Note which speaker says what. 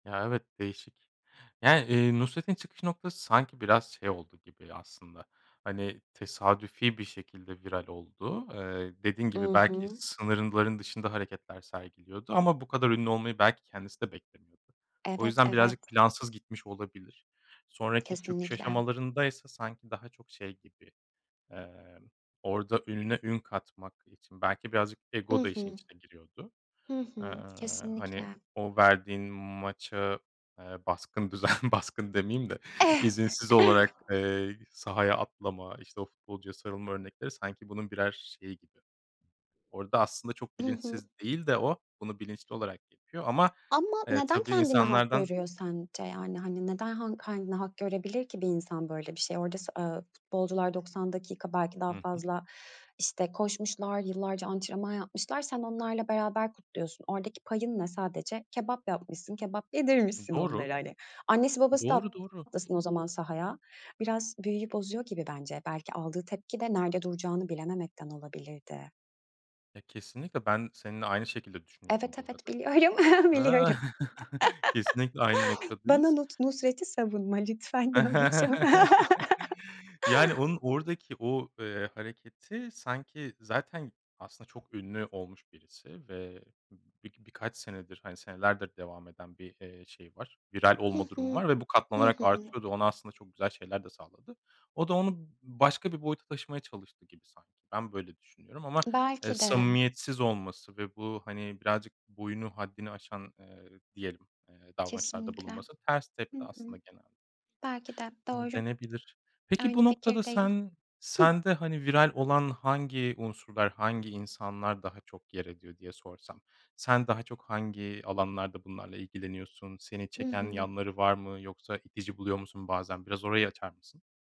Speaker 1: Ya, evet, değişik. Yani, eee, Nusret'in çıkış noktası sanki biraz şey oldu gibi aslında, hani, tesadüfi bir şekilde viral oldu. Eee, dediğin
Speaker 2: I
Speaker 1: gibi, belki
Speaker 2: hı.
Speaker 1: sınırların dışında hareketler sergiliyordu ama bu kadar ünlü olmayı belki kendisi de beklemiyordu. O
Speaker 2: Evet,
Speaker 1: yüzden, birazcık
Speaker 2: evet.
Speaker 1: plansız gitmiş olabilir. Sonraki çöküş
Speaker 2: Kesinlikle.
Speaker 1: aşamalarında ise sanki daha çok şey gibi, eee, orada ününe ün katmak için belki birazcık
Speaker 2: I
Speaker 1: ego da işin
Speaker 2: hı.
Speaker 1: içine giriyordu.
Speaker 2: Hı
Speaker 1: Eee,
Speaker 2: hı.
Speaker 1: hani,
Speaker 2: Kesinlikle.
Speaker 1: o verdiğin maça, eee, baskın düzen baskın demeyeyim de, izinsiz olarak, eee, sahaya atlama, işte, o futbolcuya sarılma örnekleri sanki bunun birer şeyi gibi. Orada aslında çok
Speaker 2: Hı hı.
Speaker 1: bilinçsiz değil de o bunu bilinçli olarak yapıyor ama,
Speaker 2: Ama
Speaker 1: eee,
Speaker 2: neden
Speaker 1: tabii
Speaker 2: kendine hak
Speaker 1: insanlardan
Speaker 2: görüyor sence? Yani, hani, neden ha kendine hak görebilir ki bir insan böyle bir şeyi? Orada s ııı, futbolcular 90 dakika, belki
Speaker 1: Hı
Speaker 2: daha
Speaker 1: hı.
Speaker 2: fazla, işte, koşmuşlar, yıllarca antrenman yapmışlar, sen onlarla beraber kutluyorsun. Oradaki payın ne? Sadece kebap yapmışsın, kebap yedirmişsin
Speaker 1: Doğru.
Speaker 2: onlara, hani. Annesi babası da
Speaker 1: Doğru, doğru.
Speaker 2: atlasın o zaman sahaya. Biraz büyüyü bozuyor gibi bence, belki aldığı tepki de nerede duracağını bilememekten olabilirdi.
Speaker 1: Ya, kesinlikle ben seninle aynı şekilde düşünüyorum,
Speaker 2: Evet,
Speaker 1: bu
Speaker 2: evet.
Speaker 1: arada.
Speaker 2: Biliyorum,
Speaker 1: A.
Speaker 2: biliyorum.
Speaker 1: Kesinlikle aynı
Speaker 2: Bana
Speaker 1: noktadayız.
Speaker 2: Nus Nusret'i savunma lütfen, diyormuşum.
Speaker 1: Yani, onun oradaki o, eee, hareketi sanki, zaten aslında çok ünlü olmuş birisi ve bir birkaç senedir, hani, senelerdir devam eden bir, eee, şey var, viral
Speaker 2: Hı
Speaker 1: olma durumu
Speaker 2: hı.
Speaker 1: var ve bu
Speaker 2: Hı
Speaker 1: katlanarak
Speaker 2: hı.
Speaker 1: artıyordu. Ona aslında çok güzel şeyler de sağladı. O da onu başka bir boyuta taşımaya çalıştı gibi, sanki. Ben böyle düşünüyorum ama, eee,
Speaker 2: Belki de.
Speaker 1: samimiyetsiz olması ve bu, hani, birazcık boyunu, haddini aşan, eee, diyelim, eee, davranışlarda
Speaker 2: Kesinlikle.
Speaker 1: bulunması ters
Speaker 2: Hı
Speaker 1: tepti
Speaker 2: hı.
Speaker 1: aslında genel
Speaker 2: Belki de,
Speaker 1: ııı,
Speaker 2: doğru.
Speaker 1: denebilir. Peki, bu
Speaker 2: Aynı
Speaker 1: noktada
Speaker 2: fikirdeyim.
Speaker 1: sen
Speaker 2: Hıh.
Speaker 1: sende, hani, viral olan hangi unsurlar, hangi insanlar daha çok yer ediyor diye sorsam sen daha çok hangi alanlarda bunlarla ilgileniyorsun? Seni
Speaker 2: Hı
Speaker 1: çeken
Speaker 2: hı.
Speaker 1: yanları var mı, yoksa itici buluyor musun bazen? Biraz orayı açar mısın?